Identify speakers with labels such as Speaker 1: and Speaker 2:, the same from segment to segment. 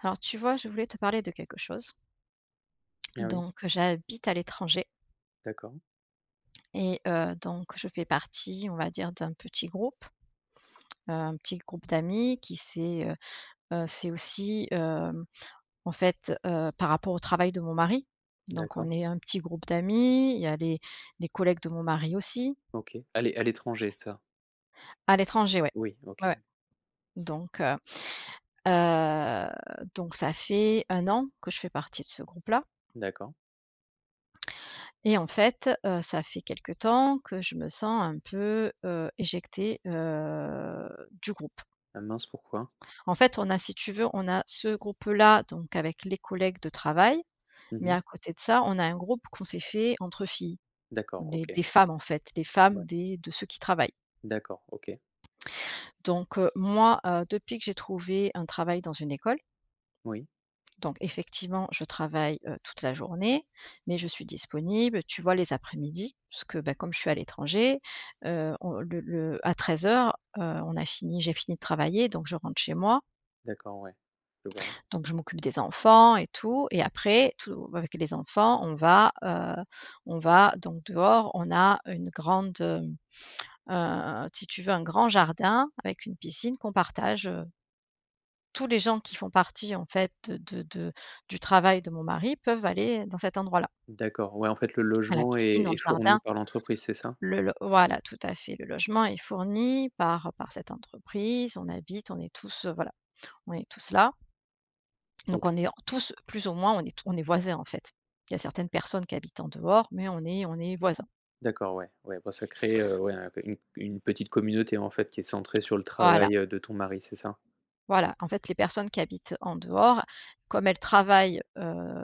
Speaker 1: Alors tu vois, je voulais te parler de quelque chose.
Speaker 2: Ah oui?
Speaker 1: Donc j'habite à l'étranger
Speaker 2: D'accord.
Speaker 1: et heu, donc je fais partie on va dire d'un petit groupe, heu, un petit groupe d'amis qui s'est, heu heu, c'est aussi, hem, en fait, heu, par rapport au travail de mon mari donc on
Speaker 2: D'accord.
Speaker 1: est un petit groupe d'amis, il y a les les collègues de mon mari aussi.
Speaker 2: OK. À l'é à l'étranger, c'est ça?
Speaker 1: À l'étranger, ouais,
Speaker 2: Oui, OK.
Speaker 1: ouais, donc, heu, heu, donc ça fait 1 an que je fais partie de ce groupe-là
Speaker 2: D'accord.
Speaker 1: Et en fait, heu, ça fait quelque temps que je me sens un peu, heu, éjectée, heu, du groupe.
Speaker 2: Ah mince, pourquoi?
Speaker 1: En fait, on a si tu veux, on a ce groupe-là donc avec les collègues de travail
Speaker 2: Mmh
Speaker 1: mais
Speaker 2: mh.
Speaker 1: à côté de ça, on a un groupe qu'on s'est fait entre filles.
Speaker 2: D'accord,
Speaker 1: On est
Speaker 2: OK.
Speaker 1: des femmes, en fait, des femmes
Speaker 2: Ouais.
Speaker 1: des de ceux qui travaillent.
Speaker 2: D'accord, OK.
Speaker 1: Donc, heu, moi, heu, depuis que j'ai trouvé un travail dans une école.
Speaker 2: Oui.
Speaker 1: Donc effectivement je travaille, heu, toute la journée mais je suis disponible, tu vois, les après-midi parce que, beh comme je suis à l'étranger, heu, on le le à 13:00, heu, on a fini j'ai fini de travailler donc je rentre chez moi.
Speaker 2: D'accord, ouais. Je vois.
Speaker 1: Donc, je m'occupe des enfants et tout et après, tout bah, avec les enfants on va, heu, on va donc, dehors on a une grande, hem, heu, si tu veux un grand jardin avec une piscine qu'on partage, heu tous les gens qui font partie, en fait, heu, de de du travail de mon mari peuvent aller dans cet endroit là
Speaker 2: D'accord, ouais, en fait, le
Speaker 1: à la
Speaker 2: logement
Speaker 1: piscine
Speaker 2: est
Speaker 1: dans le
Speaker 2: est fourni
Speaker 1: jardin.
Speaker 2: par l'entreprise, c'est ça?
Speaker 1: Le le voilà, tout à fait, le logement est fourni par par cette entreprise, on habite, on est tous, heu, voilà on est tous là. Donc on
Speaker 2: OK.
Speaker 1: est tous, plus ou moins, on est t on est voisin, en fait. Il y a certaines personnes qui habitent en dehors mais on est on est voisins.
Speaker 2: D'accord, ouais, ouais, bah, ça crée, heu, ouais un p une une petite communauté, en fait, qui est centrée sur le
Speaker 1: Voilà.
Speaker 2: travail, heu, de ton mari, c'est ça?
Speaker 1: Voilà, en fait, les personnes qui habitent, heu, en dehors, comme elles travaillent, heu,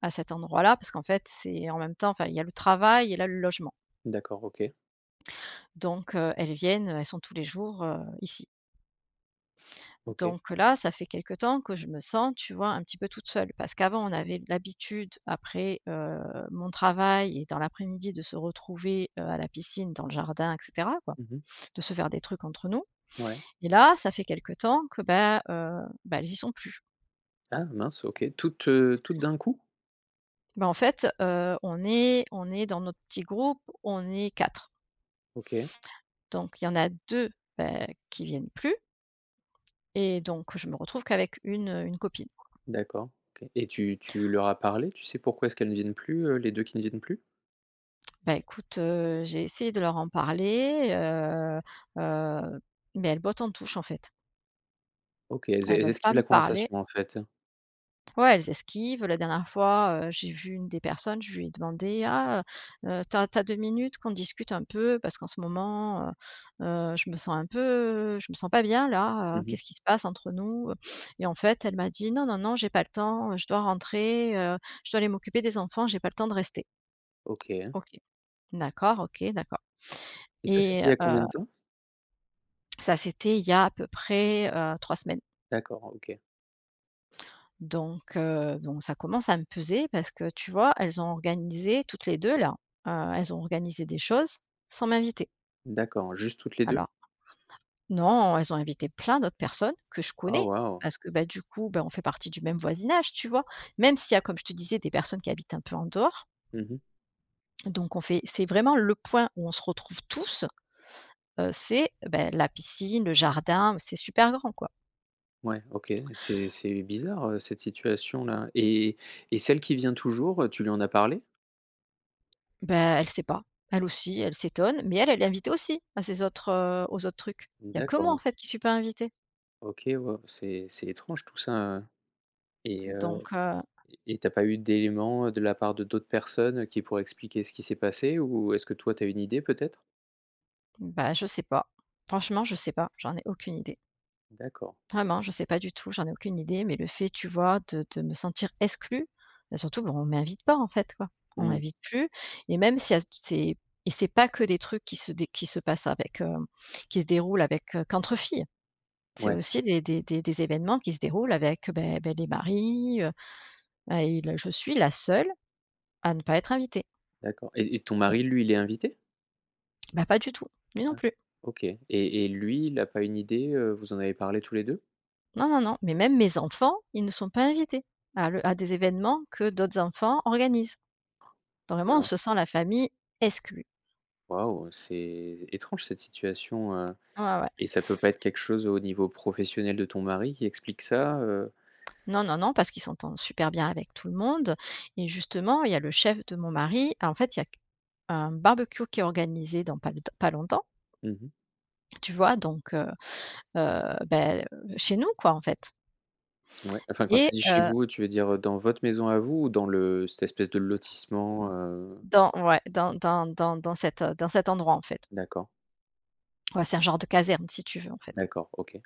Speaker 1: à cet endroit là parce qu'en fait, c'est en même temps enfin il y a le travail et là, le logement.
Speaker 2: D'accord, OK.
Speaker 1: Donc, heu, elles viennent, heu, elles sont tous les jours, heu, ici.
Speaker 2: OK.
Speaker 1: Donc, heu, là ça fait quelque temps que je me sens, tu vois, un petit peu toute seule. Parce qu'avant, on avait l'habitude après, heu, mon travail et dans l'après-midi de se retrouver, heu, à la piscine dans le jardin et cetera, quoi.
Speaker 2: Mmh mh.
Speaker 1: De se faire des trucs entre nous
Speaker 2: Ouais.
Speaker 1: et là, ça fait quelque temps que, bah, heu, bah, elles y sont plus.
Speaker 2: Ah mince, OK. Toutes, heu, toutes d'un coup?
Speaker 1: Bah, en fait, heu, on est on est dans notre petit groupe, on est 4.
Speaker 2: OK.
Speaker 1: Donc il y en a 2, bah, qui viennent plus. Et donc je me retrouve qu'avec 1, heu, 1 copine.
Speaker 2: D'accord, OK, et tu tu leur as parlé? Tu sais pourquoi est-ce qu'elles ne viennent plus, heu, les 2 qui ne viennent plus?
Speaker 1: Bah, écoute, heu, j'ai essayé de leur en parler, heu heu, mais elles bottent en touche, en fait.
Speaker 2: OK, elles es
Speaker 1: Elles
Speaker 2: elles
Speaker 1: veulent pas
Speaker 2: esquivent
Speaker 1: me
Speaker 2: la
Speaker 1: parler.
Speaker 2: conversation, en fait.
Speaker 1: Ouais, elles esquivent. Heu, la dernière fois, heu, j'ai vu une des personnes, je lui ai demandé: «Ah, heu, tu as tu as 2 minutes qu'on discute un peu? Parce qu'en ce moment, heu heu, je me sens un peu, heu, je me sens pas bien là. Heu,
Speaker 2: Mmh mh.
Speaker 1: qu'est-ce qui se passe entre nous, heu?» et en fait, elle m'a dit: «Non, non, non, j'ai pas le temps, je dois rentrer, heu, je dois aller m'occuper des enfants, j'ai pas le temps de rester».
Speaker 2: OK.
Speaker 1: OK, d'accord OK, d'accord
Speaker 2: Et ça,
Speaker 1: et
Speaker 2: c'était il y a
Speaker 1: heu
Speaker 2: combien de temps?
Speaker 1: Ça, c'était il y a à peu près, heu, 3 semaines.
Speaker 2: D'accord, OK.
Speaker 1: Donc, heu, donc ça commence à me peser parce que, tu vois, elles ont organisé toutes les 2, là, heu, elles ont organisé des choses sans m'inviter.
Speaker 2: D'accord, juste toutes les 2?
Speaker 1: Alors. Non, elles ont invité plein d'autres personnes, que je
Speaker 2: Ah
Speaker 1: connais!
Speaker 2: waouh!
Speaker 1: Parce que, bah, du coup, bah, on fait partie du même voisinage, tu vois? Même s'il y a, comme je te disais, des personnes qui habitent un peu en dehors.
Speaker 2: Mmh mh.
Speaker 1: Donc on fait c'est vraiment le point où on se retrouve tous. Heu, c'est, beh, la piscine, le jardin, où c'est super grand, quoi.
Speaker 2: Ouais, OK, c'est c'est bizarre, heu, cette situation-là et et celle qui vient toujours, heu, tu lui en as parlé?
Speaker 1: Bah, elle sait pas. Elle aussi, elle s'étonne, mais elle, elle est invitée aussi à ces autres, heu, aux autres trucs. Il y a que moi, en
Speaker 2: D'accord.
Speaker 1: fait, qui suis pas invitée.
Speaker 2: OK, waouh, c'est c'est étrange tout ça, heu, et heu,
Speaker 1: Donc heu
Speaker 2: et et tu as pas eu d'éléments de la part de d'autres personnes qui pourraient expliquer ce qui s'est passé? Ou est-ce que toi, tu as une idée peut-être?
Speaker 1: Bah je sais pas. Franchement, je sais pas, j'en ai aucune idée.
Speaker 2: D'accord.
Speaker 1: Vraiment, je sais pas du tout, j'en ai aucune idée, mais le fait, tu vois, de de me sentir exclue, bah, surtout, bah, on m'invite pas, en fait, quoi. On
Speaker 2: Mmh.
Speaker 1: m'invite plus et même c'est à tou c'est et c'est pas que des trucs qui se dé qui se passent avec, hem, qui se déroulent avec, heu, qu'entre filles. C'est
Speaker 2: Ouais.
Speaker 1: aussi des des des des événements qui se déroulent avec, beh beh, les maris, heu, bah, il, heu, je suis la seule à ne pas être invitée.
Speaker 2: D'accord et et ton mari, lui, il est invité?
Speaker 1: Bah pas du tout, lui non
Speaker 2: Ah
Speaker 1: plus.
Speaker 2: OK, et et lui, il a pas une idée, heu, vous en avez parlé tous les 2?
Speaker 1: Non, non, non, mais même mes enfants, ils ne sont pas invités. À le à des événements que d'autres enfants organisent. Vraiment, on
Speaker 2: Bien.
Speaker 1: se sent la famille exclue.
Speaker 2: Waouh! C'est étrange cette situation, heu,
Speaker 1: Ouais, ouais.
Speaker 2: et ça peut pas être quelque chose au niveau professionnel de ton mari qui explique ça, heu?
Speaker 1: Non, non, non parce qu'il s'entend super bien avec tout le monde et justement il y a le chef de mon mari, en fait, il y a q un barbecue qui est organisé dans pas longt pas longtemps.
Speaker 2: Mmh mh.
Speaker 1: Tu vois donc, heu heu, beh, heu, chez nous, quoi, en fait
Speaker 2: Mouais, enfin, quand
Speaker 1: et
Speaker 2: tu dis chez
Speaker 1: heu
Speaker 2: vous, tu veux dire, heu, dans votre maison à vous ou dans le cette espèce de lotissement, heu?
Speaker 1: Dans ouais, dans dans dans dans cet, heu, dans cet endroit, en fait.
Speaker 2: D'accord.
Speaker 1: Ouais, c'est un genre de caserne si tu veux, en fait.
Speaker 2: D'accord, OK.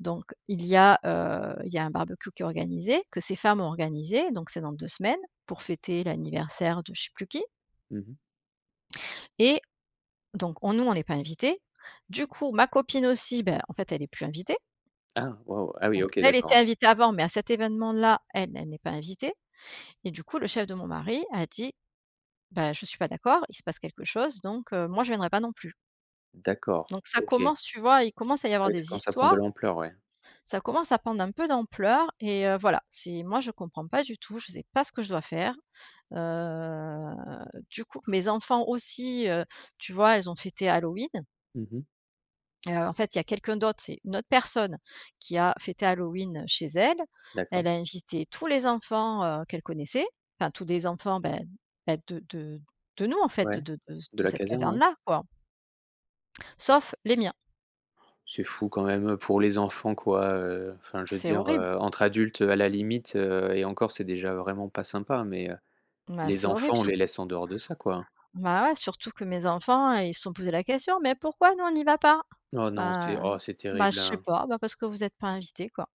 Speaker 1: Donc il y a, heu, il y a un barbecue qui est organisé que ces femmes ont organisé donc c'est dans 2 semaines, pour fêter l'anniversaire de je sais plus qui
Speaker 2: Mmh mh.
Speaker 1: et donc on nous, on est pas invité. Du coup, ma copine aussi, beh en fait, elle est plus invitée.
Speaker 2: Ah waouh! Ah oui,
Speaker 1: Donc
Speaker 2: OK
Speaker 1: là, elle était
Speaker 2: d'accord.
Speaker 1: invitée avant mais à cet événement là, elle, elle n'est pas invitée et du coup le chef de mon mari a dit: «Bah je suis pas d'accord, il se passe quelque chose donc, heu, moi, je viendrai pas non plus».
Speaker 2: D'accord,
Speaker 1: Donc ça
Speaker 2: OK.
Speaker 1: commence, tu vois? Il commence à y
Speaker 2: Ah
Speaker 1: avoir
Speaker 2: oui, ça
Speaker 1: des
Speaker 2: commence à prendre de
Speaker 1: histoires.
Speaker 2: l'ampleur, ouais.
Speaker 1: Ça commence à prendre un peu d'ampleur et heu, voilà c'est moi je comprends pas du tout, je sais pas ce que je dois faire, heu, du coup mes enfants aussi, heu, tu vois? Elles ont fêté Halloween
Speaker 2: Mmh mh.
Speaker 1: heu, en fait, il y a quelqu'un d'autre, c'est une autre personne, qui a fêté Halloween, heu, chez elle. Elle
Speaker 2: D'accord.
Speaker 1: a invité tous les enfants, heu, qu'elle connaissait. Enfin tous les enfants, bah bah, de de de nous, en fait,
Speaker 2: Ouais.
Speaker 1: de de
Speaker 2: De
Speaker 1: de
Speaker 2: la
Speaker 1: cette
Speaker 2: caserne, ouais.
Speaker 1: caserne là, quoi sauf les miens.
Speaker 2: C'est fou quand même, heu, pour les enfants, quoi, heu, enfin je veux
Speaker 1: C'est
Speaker 2: dire,
Speaker 1: horrible.
Speaker 2: heu, entre adultes, heu, à la limite, heu et encore, c'est déjà vraiment pas sympa mais, heu,
Speaker 1: Bah,
Speaker 2: les
Speaker 1: c'est horrible,
Speaker 2: enfants, on
Speaker 1: sur
Speaker 2: les laisse en dehors de ça, quoi!
Speaker 1: bah, ouais, surtout que mes enfants, ils se sont posé la question. «Mais pourquoi nous on n'y va pas?»
Speaker 2: Oh non, c'est
Speaker 1: Bah
Speaker 2: oh c'est
Speaker 1: bah,
Speaker 2: terrible
Speaker 1: je sais
Speaker 2: hein.
Speaker 1: pas. Bah, parce que vous êtes pas invités, quoi.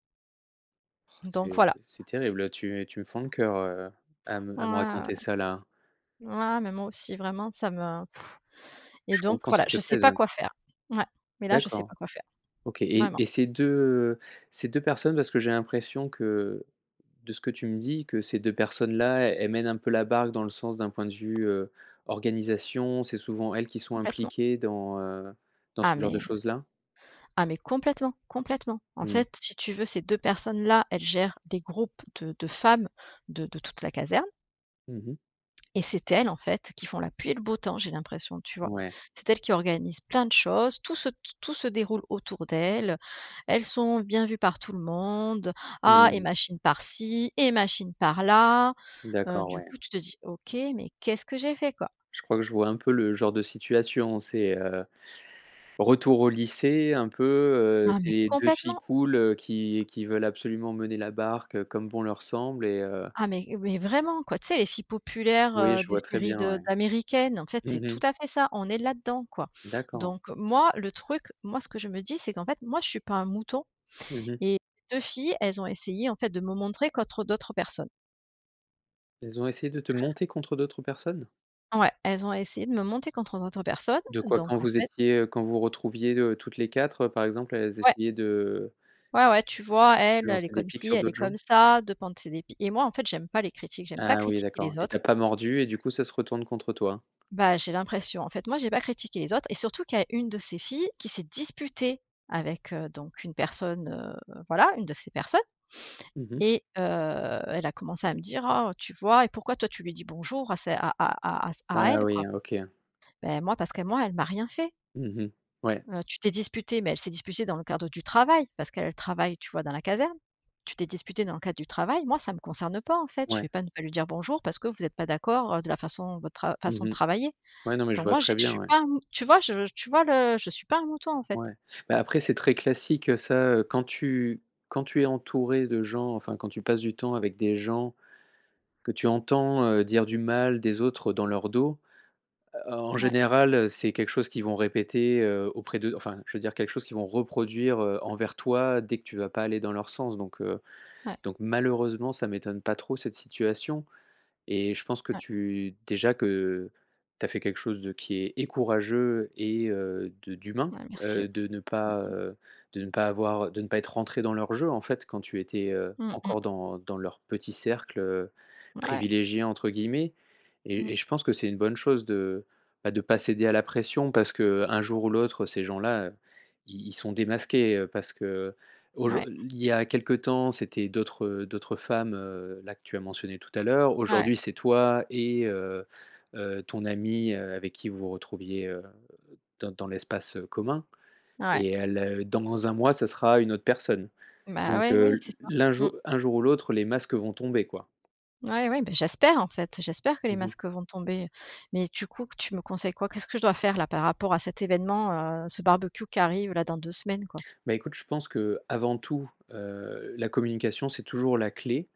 Speaker 2: Oh
Speaker 1: Donc voilà.
Speaker 2: c'est c'est terrible, tu tu me fends le coeur, heu, à me à me
Speaker 1: Ouais.
Speaker 2: raconter ça là.
Speaker 1: Ouais mais moi aussi vraiment ça me et
Speaker 2: Je
Speaker 1: donc
Speaker 2: comprends,
Speaker 1: voilà,
Speaker 2: ça te
Speaker 1: je sais
Speaker 2: pèse,
Speaker 1: pas
Speaker 2: hein?
Speaker 1: quoi faire. Mouais. Mais là, je sais
Speaker 2: D'accord.
Speaker 1: pas quoi faire.
Speaker 2: OK et
Speaker 1: Vraiment.
Speaker 2: et ces 2 ces 2 personnes, parce que j'ai l'impression que de ce que tu me dis que ces 2 personnes-là, elles mènent un peu la barque dans le sens d'un point de vue, heu, organisation, c'est souvent elles qui sont
Speaker 1: Complètement.
Speaker 2: impliquées dans, heu, dans
Speaker 1: Ah
Speaker 2: ce genre de
Speaker 1: mais, heu,
Speaker 2: choses-là?
Speaker 1: ah mais complètement. Complètement. En
Speaker 2: Mmh.
Speaker 1: fait, si tu veux ces 2 personnes-là, elles gèrent des groupes de de femmes, de de toute la caserne.
Speaker 2: Mmh mh.
Speaker 1: Et c'est elles en fait, qui font la pluie et le beau temps j'ai l'impression, tu vois?
Speaker 2: Ouais.
Speaker 1: C'est elles qui organisent plein de choses, tout se t tout se déroule autour d'elles, heu, elles sont bien vues par tout le monde. Ah
Speaker 2: Mmh
Speaker 1: et
Speaker 2: mh.
Speaker 1: machine par-ci et machine par-là, heu,
Speaker 2: D'accord,
Speaker 1: du
Speaker 2: ouais.
Speaker 1: coup, tu te dis: «OK, mais qu'est-ce que j'ai fait quoi?»
Speaker 2: Je crois que je vois un peu le genre de situation c'est, heu retour au lycée un peu, heu,
Speaker 1: Ah,
Speaker 2: c'est
Speaker 1: mais
Speaker 2: les 2 filles
Speaker 1: complètement!
Speaker 2: cool, heu, qui qui veulent absolument mener la barque, heu, comme bon leur semble et heu.
Speaker 1: Ah mais et vraiment, quoi! Tu sais les filles populaires,
Speaker 2: Oui,
Speaker 1: heu,
Speaker 2: je
Speaker 1: des
Speaker 2: vois très
Speaker 1: séries
Speaker 2: bien,
Speaker 1: de
Speaker 2: ouais.
Speaker 1: d'américaines, en fait, c'est
Speaker 2: Mmh
Speaker 1: tout
Speaker 2: mh.
Speaker 1: à fait ça, on est là-dedans, quoi!
Speaker 2: D'accord.
Speaker 1: Donc moi le truc moi ce que je me dis, c'est qu'en fait, moi je suis pas un mouton,
Speaker 2: Mmh mh.
Speaker 1: et les 2 filles, elles ont essayé, en fait, de me montrer contre d'autres personnes.
Speaker 2: Elles ont essayé de te monter contre d'autres personnes?
Speaker 1: Ouais. Elles ont essayé de me monter contre d'autres personnes.
Speaker 2: De quoi? Quand
Speaker 1: Donc, en
Speaker 2: vous
Speaker 1: fait
Speaker 2: étiez, heu, quand vous retrouviez, heu, toutes les 4 par exemple, elles
Speaker 1: Ouais!
Speaker 2: essayaient de
Speaker 1: Ouais, ouais. Tu vois elle elle est
Speaker 2: lancer des
Speaker 1: comme
Speaker 2: pics
Speaker 1: ci,
Speaker 2: sur
Speaker 1: elle est
Speaker 2: d'autres gens?
Speaker 1: comme ça, [unintelligible] de ses dépits. Et moi, en fait, j'aime pas les critiques, j'aime pas
Speaker 2: Ah oui,
Speaker 1: critiquer
Speaker 2: d'accord ouais
Speaker 1: les
Speaker 2: et tu
Speaker 1: autres
Speaker 2: as pas mordu et du coup, ça se retourne contre toi?
Speaker 1: Bah, j'ai l'impression, en fait. Moi j'ai pas critiqué les autres et surtout qu'il y a une de ces filles qui s'est disputée avec, heu, donc une personne, heu, voilà une de ces personnes
Speaker 2: Mmh mh.
Speaker 1: et heu, elle a commencé à me dire: «Oh tu vois et pourquoi toi tu lui dis bonjour à c'est à à à à c à
Speaker 2: Ah
Speaker 1: elle quoi?»
Speaker 2: oui, heu, OK.
Speaker 1: Beh moi, parce qu'à moi elle m'a rien fait.
Speaker 2: Mmh mh. Ouais.
Speaker 1: Heu, tu t'es disputée, mais elle s'est disputée dans le cadre du travail parce qu'elle elle travaille tu vois, dans la caserne. Tu t'es disputée dans le cadre du travail, moi ça me concerne pas, en fait. Je vais
Speaker 2: Ouais.
Speaker 1: pas ne pas lui dire bonjour parce que vous êtes pas d'accord, heu, de la façon votre trav façon
Speaker 2: Mmh
Speaker 1: de
Speaker 2: mh.
Speaker 1: travailler.
Speaker 2: Ouais non, mais je
Speaker 1: Donc
Speaker 2: vois
Speaker 1: moi, j'ai
Speaker 2: très
Speaker 1: je
Speaker 2: bien,
Speaker 1: suis
Speaker 2: ouais.
Speaker 1: pas, hem tu vois je tu vois le je suis pas un mouton, en fait.
Speaker 2: Ouais. Bah, après c'est très classique ça, heu, quand tu quand tu es entouré de gens enfin quand tu passes du temps avec des gens, que tu entends, heu, dire du mal des autres dans leur dos. Heu, en en
Speaker 1: Mouais.
Speaker 2: général, heu, c'est quelque chose qu'ils vont répéter, heu, auprès de enfin, je veux dire quelque chose qu'ils vont reproduire, heu, envers toi dès que tu vas pas aller dans leur sens donc, heu,
Speaker 1: Ouais.
Speaker 2: donc malheureusement, ça m'étonne pas trop cette situation et je pense que
Speaker 1: Ouais.
Speaker 2: tu déjà que, heu, tu as fait quelque chose de qui est et courageux et heu, de d'humain,
Speaker 1: Ouais
Speaker 2: heu,
Speaker 1: merci.
Speaker 2: de ne
Speaker 1: Mmh
Speaker 2: pas,
Speaker 1: mh.
Speaker 2: heu, de ne pas avoir de ne pas être rentrée dans leur jeu, en fait, quand tu étais, heu,
Speaker 1: Mmh mh.
Speaker 2: encore dans dans leur petit cercle, heu,
Speaker 1: Ouais.
Speaker 2: «privilégié» entre guillemets,
Speaker 1: Mmh.
Speaker 2: et et je pense que c'est une bonne chose de bah, de pas céder à la pression parce que, heu, un jour ou l'autre ces gens là, heu, i ils sont démasqués, heu, parce que, heu. Aujour
Speaker 1: Ouais.
Speaker 2: i i il y a quelque temps, c'était d'autres, heu, d'autres femmes, heu, là que tu as mentionné tout à l'heure.
Speaker 1: Ouais.
Speaker 2: Aujourd'hui c'est toi et heu heu, ton amie, heu, avec qui vous vous retrouviez, heu, dans dans l'espace, heu, commun
Speaker 1: Ouais.
Speaker 2: et heu, le dans 1 mois ça sera une autre personne
Speaker 1: Ben,
Speaker 2: donc,
Speaker 1: ouais,
Speaker 2: heu,
Speaker 1: oui,
Speaker 2: le
Speaker 1: c'est ça,
Speaker 2: l'un
Speaker 1: mmh.
Speaker 2: jou un jour ou l'autre les masques vont tomber quoi.
Speaker 1: Ouais, oui, ben, j'espère en fait! J'espère que les
Speaker 2: Mmh mh.
Speaker 1: masques vont tomber, heu. Mais du coup, qu tu me conseilles quoi? Qu'est-ce que je dois faire là par rapport à cet évènement? Heu, ce barbecue qui arrive là dans 2 semaines quoi.
Speaker 2: Bah, écoute je pense que, heu, avant tout, heu, la communication c'est toujours la clé.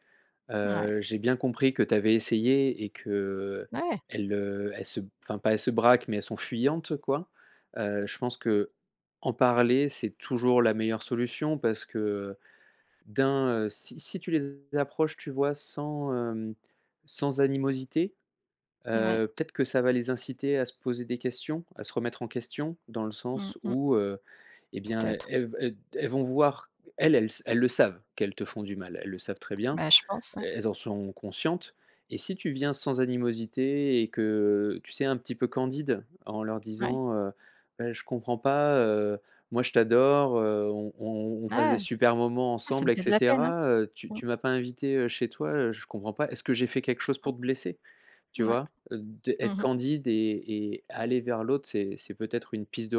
Speaker 1: Mouais.
Speaker 2: Heu, j'ai bien compris que tu avais essayé et que, heu,
Speaker 1: Ouais.
Speaker 2: elles heu, elles se b enfin, pas elles se braquent, mais elles sont fuyantes quoi. Heu, je pense qu'en parler c'est toujours la meilleure solution parce que, heu, d'un, heu, si si tu les approches, tu vois? Sans, hem, sans animosité,
Speaker 1: Ouais.
Speaker 2: heu, peut-être que ça va les inciter à se poser des questions, à se remettre en question. Dans le
Speaker 1: Mmh
Speaker 2: sens
Speaker 1: mh.
Speaker 2: où, heu, et bien, heu,
Speaker 1: Peut-être.
Speaker 2: elles ve elles d elles vont voir elles elles s elles le savent qu'elles te font du mal, elles le savent très bien,
Speaker 1: Ben, je pense ouais.
Speaker 2: el elles en sont conscientes et si tu viens sans animosité et que, heu, tu sais, un petit peu candide en leur
Speaker 1: Ouais.
Speaker 2: disant, heu: «Beh, je comprends pas, heu, moi je t'adore, heu, on on on on passe
Speaker 1: Ah
Speaker 2: des
Speaker 1: ouais.
Speaker 2: super moments
Speaker 1: Ah, ça
Speaker 2: ensemble
Speaker 1: me
Speaker 2: et
Speaker 1: fait de la peine, hein.
Speaker 2: cetera. Heu, tu
Speaker 1: Mmh.
Speaker 2: tu m'as pas invité, heu, chez toi, heu, je comprends pas, est-ce que j'ai fait quelque chose pour
Speaker 1: Mmh.
Speaker 2: te blesser?» Tu
Speaker 1: Mouais.
Speaker 2: vois? Heu, de
Speaker 1: Mmh
Speaker 2: être
Speaker 1: mh.
Speaker 2: candide et et aller vers l'autre c'est c'est peut-être une piste de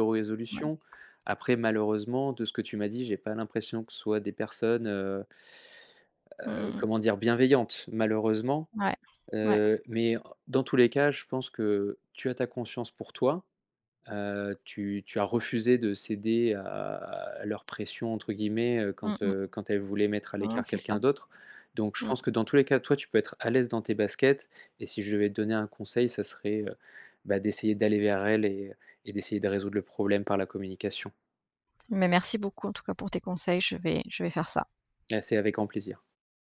Speaker 1: Ouais.
Speaker 2: résolution.
Speaker 1: [unintelligible]
Speaker 2: Après, malheureusement, de ce que tu m'as dit, j'ai pas l'impression que ce soit des personnes, heu
Speaker 1: Mmh,
Speaker 2: heu,
Speaker 1: mmh, mmh.
Speaker 2: comment dire, bienveillantes, malheureusement.
Speaker 1: Ouais. Ouais.
Speaker 2: Heu, mais en dans tous les cas je pense que, heu, tu as ta conscience pour toi, heu, tu tu as refusé de céder à à leur «pression» entre guillemets, heu,
Speaker 1: Mmh
Speaker 2: quand
Speaker 1: mh.
Speaker 2: heu, quand elles voulaient mettre à
Speaker 1: Mmh mh,
Speaker 2: l'écart
Speaker 1: c'est
Speaker 2: quelqu'un
Speaker 1: ça.
Speaker 2: d'autre donc je
Speaker 1: Mmh.
Speaker 2: pense que, dans tous les cas, toi tu peux être à l'aise dans tes baskets et si je devais te donner un conseil ça serait, heu, bah, d'essayer d'aller vers elles et et d'essayer de résoudre le problème par la communication.
Speaker 1: Mais merci beaucoup, en tout cas, pour tes conseils, je vais je vais faire ça.
Speaker 2: Et c'est avec grand plaisir.